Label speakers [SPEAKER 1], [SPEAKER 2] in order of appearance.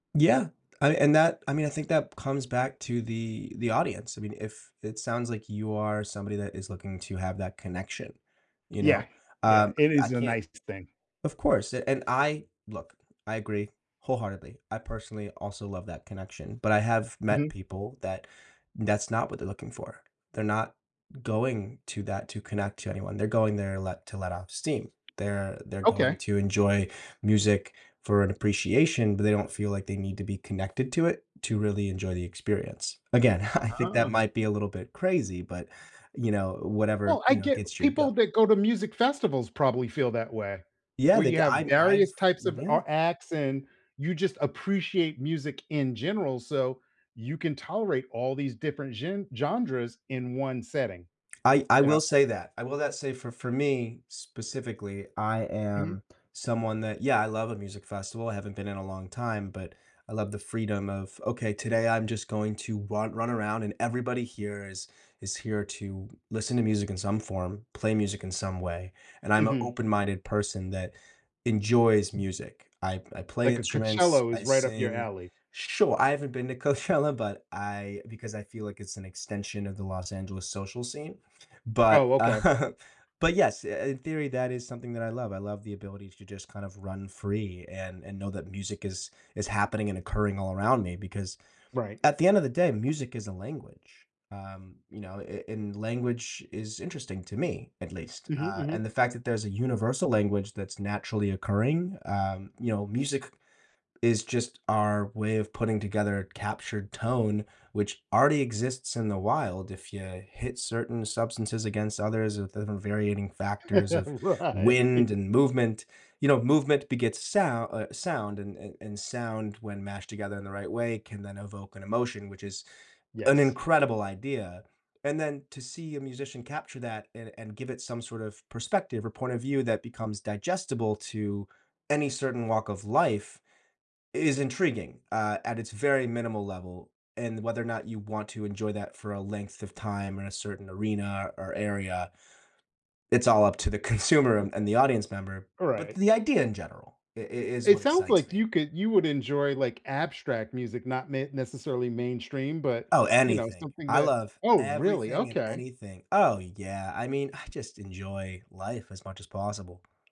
[SPEAKER 1] Yeah, I and that I mean, I think that comes back to the the audience, I mean, if it sounds like you are somebody that is looking to have that connection, you
[SPEAKER 2] Yeah.
[SPEAKER 1] know?
[SPEAKER 2] Yeah,
[SPEAKER 1] Um,
[SPEAKER 2] it
[SPEAKER 1] I
[SPEAKER 2] is a
[SPEAKER 1] can't
[SPEAKER 2] nice thing.
[SPEAKER 1] of course, a and I look, I agree wholeheartedly. I personally also love that connection, but I have met
[SPEAKER 2] Mhm.
[SPEAKER 1] people that that's not what they're looking for. They're not going to that to connect to anyone, they're going there let to let off steam, they're they're going
[SPEAKER 2] Okay.
[SPEAKER 1] to enjoy music for an appreciation, but they don't feel like they need to be connected to it to really enjoy the experience. Again, I think that
[SPEAKER 2] Ah.
[SPEAKER 1] might be a little bit crazy, but, you know, whatever,
[SPEAKER 2] Well, I
[SPEAKER 1] you know,
[SPEAKER 2] get
[SPEAKER 1] gets your
[SPEAKER 2] people
[SPEAKER 1] goat.
[SPEAKER 2] that go to music festivals probably feel that way,
[SPEAKER 1] Yeah,
[SPEAKER 2] where
[SPEAKER 1] the
[SPEAKER 2] you
[SPEAKER 1] g
[SPEAKER 2] have
[SPEAKER 1] I'm I've
[SPEAKER 2] various types of,
[SPEAKER 1] Yeah.
[SPEAKER 2] uh, acts, and you just appreciate music in general, so you can tolerate all these different gen genres in one setting,
[SPEAKER 1] I I
[SPEAKER 2] you know?
[SPEAKER 1] will say that, I will that say for for me, specifically, I
[SPEAKER 2] Mhm.
[SPEAKER 1] am someone that yeah, I love a music festival. I haven't been in a long time, but I love the freedom of, "Okay, today I'm just going to run run around and everybody here is is here to listen to music in some form, play music in some way, and I'm a
[SPEAKER 2] Mhm.
[SPEAKER 1] open-minded person that enjoys music." I I play
[SPEAKER 2] Like a
[SPEAKER 1] instruments,
[SPEAKER 2] Coachella
[SPEAKER 1] I
[SPEAKER 2] was right up your
[SPEAKER 1] sing
[SPEAKER 2] alley.
[SPEAKER 1] sure, I haven't been to Coachella, but I because I feel like it's an extension of the Los Angeles social scene, but
[SPEAKER 2] Oh, okay.
[SPEAKER 1] but yes, i in theory, that is something that I love. I love the ability to just kind of run free and and know that music is is happening and occurring all around me, because,
[SPEAKER 2] Right.
[SPEAKER 1] at the end of the day, music is a language, um, you know, a and language is interesting to me, at least,
[SPEAKER 2] Mhm,
[SPEAKER 1] uh,
[SPEAKER 2] mhm.
[SPEAKER 1] and the fact that there's a universal language that's naturally occurring, um, you know, music is just our way of putting together a captured tone, which already exists in the wild if you hit certain substances against others with the variating factors of
[SPEAKER 2] Right.
[SPEAKER 1] wind and movement. You know, movement begets sou uh, sound and and and sound, when mashed together in the right way, can then evoke an emotion, which is an
[SPEAKER 2] Yes.
[SPEAKER 1] incredible idea, and then to see a musician capture that and and give it some sort of perspective or point of view that becomes digestible to any certain walk of life is intriguing, uh, at its very minimal level, and whether or not you want to enjoy that for a length of time or a certain arena or area, it's all up to the consumer and and the audience member,
[SPEAKER 2] All
[SPEAKER 1] but
[SPEAKER 2] right.
[SPEAKER 1] the idea in general i i is
[SPEAKER 2] It
[SPEAKER 1] what
[SPEAKER 2] sounds
[SPEAKER 1] excites
[SPEAKER 2] like
[SPEAKER 1] me.
[SPEAKER 2] you could you would enjoy, like, abstract music, not ma necessarily mainstream, but,
[SPEAKER 1] Oh,
[SPEAKER 2] you know,
[SPEAKER 1] anything.
[SPEAKER 2] something
[SPEAKER 1] I
[SPEAKER 2] that
[SPEAKER 1] love
[SPEAKER 2] Oh, really?
[SPEAKER 1] everything and
[SPEAKER 2] Okay.
[SPEAKER 1] anything Oh, yeah, I mean, I just enjoy life as much as possible.